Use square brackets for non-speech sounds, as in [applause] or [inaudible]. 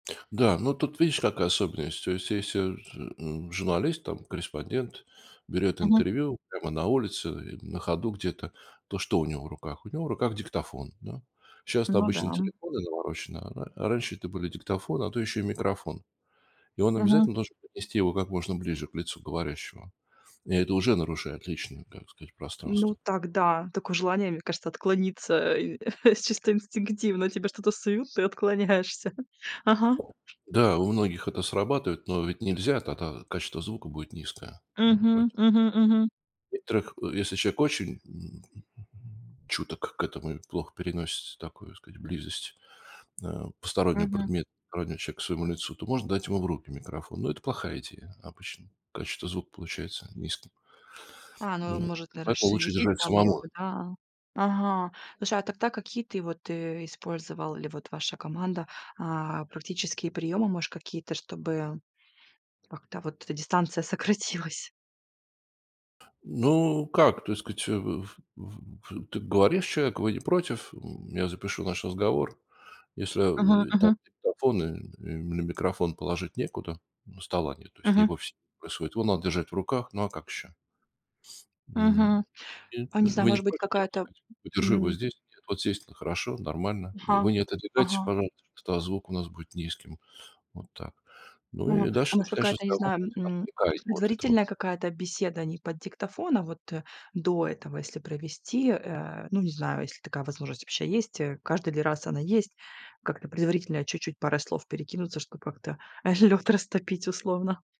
Да, ну тут видишь, какая особенность. То есть, если вот, м, журналист, там, корреспондент берёт Мгм. интервью прямо на улице или на ходу где-то, то что у него в руках? У него в руках диктофон, да? Щас это Ну да, обычные м. телефоны навороченные, а а раньше это были диктофоны, а то ещё и микрофон. И он Мгм. обязательно должен поднести его как можно ближе к лицу говорящего. И это уже нарушает личное, как сказать, Ну пространство. так да, такое желание, мне кажется, отклониться, э, [chuckles] с чисто инстинктивно. Тебе что-то суют, ты отклоняешься, ага. Да, у многих это срабатывает, но ведь нельзя, тогда качество звука будет низкое. Ну и Мгм. поэтому Мгм, мгм. в некоторых, э, если человек очень, м, чуток к этому и плохо переносит, такую, так сказать, близость, э, постороннего Мгм. предмета, постороннего человека к своему лицу, то можно дать ему в руки микрофон. Но это плохая идея обычно. Качество звука получается низким. А, ну, э, Ну и может, наверно, поэтому лучше шевелить держать там её самому. бы, да, а. Ага, слушай, а тогда какие ты вот, э, использовал или вот ваша команда, а, практические приёмы, может какие-то, чтобы как-то вот эта дистанция сократилась? Ну, как так сказать, э, в в в ты говоришь человеку: вы не против, м, я запишу наш разговор. Если, Мгм, э, и там мгм. диктофон и или ми микрофон положить некуда. Ну стола нет, то есть не в Мгм. офисе происходит, его надо держать в руках. Ну, а как ещё? Мгм. М [unintelligible] А не знаю, вы не может быть, против, я вам так какая-то, сказать подержу его м здесь. Нет, вот здесь н хорошо, нормально. И Ага. вы не отодвигаетесь, Ага. пожалуйста, что, а, звук у нас будет низким. Вот так. Ну, Мгм. и А дальше может, начинаешь я не разговор, знаю, против м, отвлекая его от этого пр предварительная какая-то беседа не под диктофон, а вот, э, до этого, если провести, э. Ну, не знаю, если такая возможность вообще есть, э, каждый ли раз она есть. Как-то предварительно чуть-чуть парой слов перекинуться, чтоб как-то, э, лед растопить, условно.